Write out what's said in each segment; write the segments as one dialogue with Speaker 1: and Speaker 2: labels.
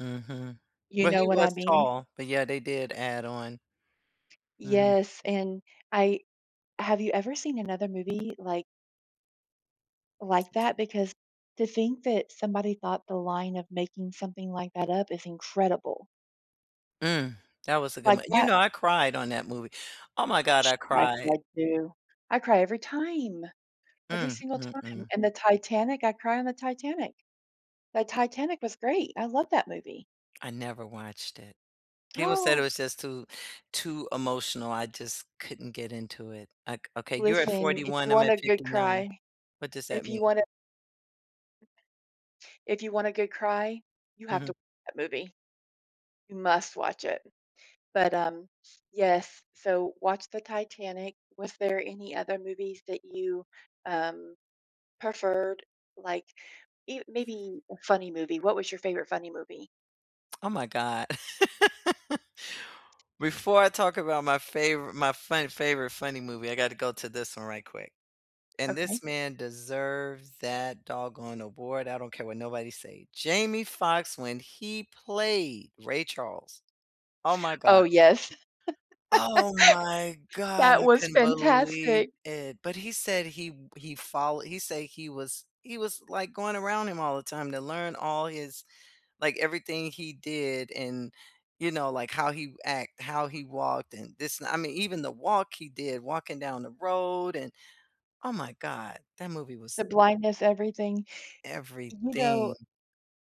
Speaker 1: Mhm,
Speaker 2: You
Speaker 1: but
Speaker 2: know
Speaker 1: he
Speaker 2: what I
Speaker 1: was
Speaker 2: mean?
Speaker 1: tall, but, yeah, they did add on Mhm.
Speaker 2: Yes, and I have you ever seen another movie like like that? Because to think that somebody thought the line of making something like that up is incredible.
Speaker 1: Mm, that was a good
Speaker 2: Like
Speaker 1: mo you
Speaker 2: that
Speaker 1: know, I cried on that movie, oh my god, I
Speaker 2: I cry
Speaker 1: cried.
Speaker 2: too. I cry every time, every
Speaker 1: Mm,
Speaker 2: single time,
Speaker 1: mm-mm.
Speaker 2: and the Titanic, I cry on the Titanic. The Titanic was great, I love that movie.
Speaker 1: I never watched it. People said it
Speaker 2: Oh.
Speaker 1: was just too too emotional, I just couldn't get into it, like, okay. You're at
Speaker 2: Listen,
Speaker 1: forty
Speaker 2: if you
Speaker 1: one I'm
Speaker 2: want
Speaker 1: at
Speaker 2: a
Speaker 1: fifty
Speaker 2: good
Speaker 1: nine
Speaker 2: cry
Speaker 1: What does that
Speaker 2: if
Speaker 1: mean?
Speaker 2: you want a if you want a good cry, you have to
Speaker 1: Mhm.
Speaker 2: that movie. You must watch it but, um yes, so watch the Titanic. Was there any other movies that you, um, preferred? Like, e maybe a funny movie, what was your favorite funny movie?
Speaker 1: Oh my god. Before I talk about my favori my fun favorite funny movie, I gotta go to this one right quick. And
Speaker 2: Okay.
Speaker 1: this man deserves that doggone award, I don't care what nobody say. Jamie Foxx when he played Ray Charles, oh my
Speaker 2: Oh,
Speaker 1: god.
Speaker 2: yes.
Speaker 1: Oh my god
Speaker 2: That
Speaker 1: I
Speaker 2: was
Speaker 1: couldn't believe
Speaker 2: fantastic!
Speaker 1: it. But he said he w he follow he say he was he was, like, going around him all the time to learn all his like, everything he did and, you know, like, how he act, how he walked, and this I mean, even the walk he did, walking down the road and oh my god. That movie
Speaker 2: The
Speaker 1: was
Speaker 2: blindness, everything. You
Speaker 1: everything.
Speaker 2: know,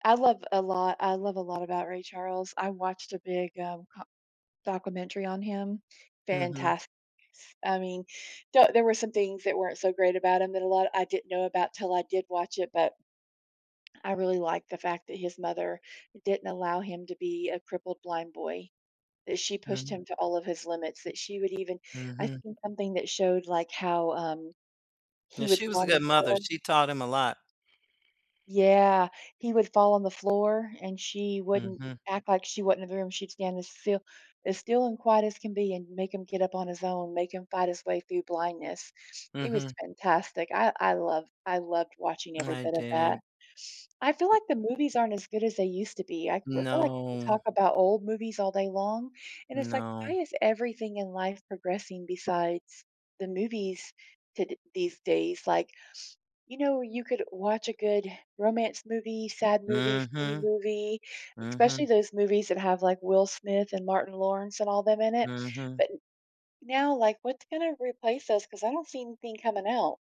Speaker 2: I love a lot I love a lot about Ray Charles, I watched a big, uh, co documentary on him.
Speaker 1: Mhm.
Speaker 2: Fantas I mean, there there were some things that weren't so great about him that a lot I didn't know about 'til I did watch it, but I really liked the fact that his mother didn't allow him to be a crippled blind boy. That she pushed
Speaker 1: Mm.
Speaker 2: him to all of his limits, that she would even I
Speaker 1: Mhm.
Speaker 2: think something that showed, like, how, um,
Speaker 1: Yeah,
Speaker 2: he would
Speaker 1: she was
Speaker 2: fall
Speaker 1: a
Speaker 2: on the
Speaker 1: good mother,
Speaker 2: floor.
Speaker 1: she taught him a lot.
Speaker 2: Yeah, he would fall on the floor and she wouldn't
Speaker 1: Mhm.
Speaker 2: act like she was in the room, she'd stand as still as still and quiet as can be and make him get up on his own, make him fight his way through blindness, it was
Speaker 1: Mhm.
Speaker 2: fantastic, I I loved I loved watching every
Speaker 1: I
Speaker 2: bit of that.
Speaker 1: did.
Speaker 2: I feel like the movies aren't as good as they used to be, I well, I feel like we
Speaker 1: No.
Speaker 2: talk about old movies all day long, and it's like,
Speaker 1: No.
Speaker 2: why is everything in life progressing besides the movies to d these days? Like, you know, you could watch a good romance movie, sad movie, funny
Speaker 1: Mhm,
Speaker 2: movie, especially
Speaker 1: mhm.
Speaker 2: those movies that have, like, Will Smith and Martin Lawrence and all them in it.
Speaker 1: Mhm.
Speaker 2: But now, like, what's gonna replace those, 'cause I don't see anything coming out.